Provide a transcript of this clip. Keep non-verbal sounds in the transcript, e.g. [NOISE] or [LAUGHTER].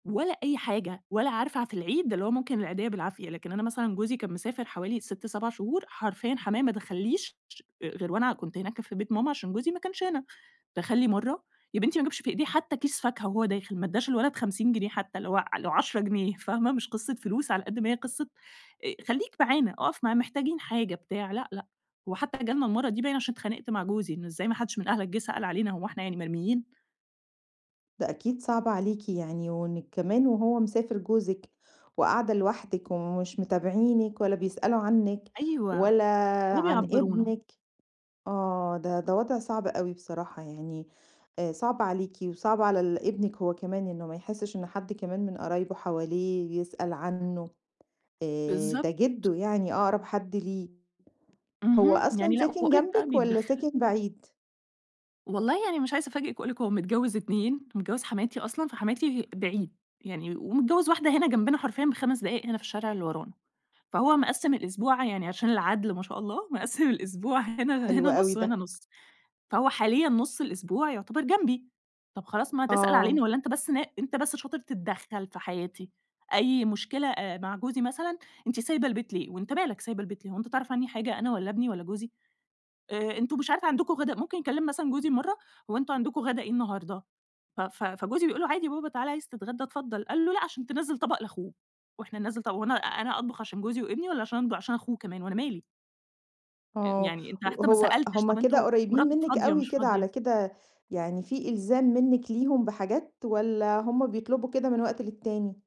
ولا أي حاجة. ولا عارفة ع في العيد اللي هو ممكن العيديّة بالعافية. لكن أنا مثلًا جوزي كان مسافر حوالي 6، 7 شهور، حرفيًا حمايا ما دخلّيش ش آآ، غير وأنا كنت هناك في بيت ماما، عشان جوزي ما كانش هنا. دخل لي مرّة يا بنتي ما جابش في إيديه حتى كيس فاكهة وهو داخل، ما ادّاش الولد 50 جنيه حتى اللي هو ع لو 10 جنيه، فاهمة؟ مش قصة فلوس، على قد ما هي قصة، آآ خلّيك معانا، أقف معانا محتاجين حاجة بتاع، لأ، لأ. وحتى جالنا المرة دي باين عشان اتخانقت مع جوزي، إن إزاي ما حدّش من أهلك جه سأل علينا، هو إحنا يعني مرميين! ده أكيد صعبة عليكِ يعني، وإنِّك كمان وهو مسافر جوزِك وقاعدة لوحدِك ومش متابعينِك ولا بيسألوا عنِّك أيوه. ولا ولا عن بيعبّرونا. ابنِك آه، ده ده وضع صعب أوي بصراحة يعني. آآ صعب عليكِ، وصعب على ال ابنِك هو كمان، إنه ما يحسّش إن حد كمان من قرايبه حواليه يسأل عنه، آآ، بالضبط. ده جِدّه يعني أقرب حد ليه. هو اهم, أصلًا يعني لأ، ساكن واقول لِك بقي جنبِك، والّا بيتدخل. ساكن بعيد؟ والله يعني مش عايزة أفاجئِك وأقول لِك، هو متجوز اتنين، متجوز حماتي أصلًا فحماتي بعيد، يعني ومتجوز واحدة هنا جنبنا حرفيًا ب5 دقايق هنا في الشارع اللي ورانا، فهو مقسّم [UNINTELLIGIBLE] الأسبوع يعني عشان العدل- ما شاء الله مقسّم الأسبوع هنا حلو هنا أوي نص، وهنا ده. نص. فهو حاليًا نص الأسبوع يعتبر جنبي. طب خلاص ما تسأل آه. علينا، والّا أنت بس نا أنت بس شاطر تتدخل في حياتي، أي مشكلة آآ مع جوزي مثلًا، أنتِ سايبة البيت ليه؟ وأنت مالك سايبة البيت ليه، هو أنت تعرف عني حاجة أنا، والّا ابني، والّا جوزي؟ آآ، أنتم مش عارفة عندكم غدا ممكن يكلّم مثلًا جوزي مرّة، "هو أنتم عندكم غدا إيه النهارده؟" ف ف فجوزي بيقول له: "عادي يابابا تعال عايز تتغدى، اتفضّل" قال له: "لأ." عشان تنزّل طبق لاخوه. وإحنا ننزّل ط هو أنا أنا أطبخ عشان جوزي وإبني، والّا عشان د عشان اخوه كمان، وأنا مالي! آآ، آه. يعني أنت ه حتى ما هو سألتش هم طب كده أنتم قريبين مراتك منِّك فاضية، أوي مش كده على فاضية؟ كده، يعني في إلزام منِك ليهم بحاجات، والّا هم بيطلبوا كده من وقت للتاني؟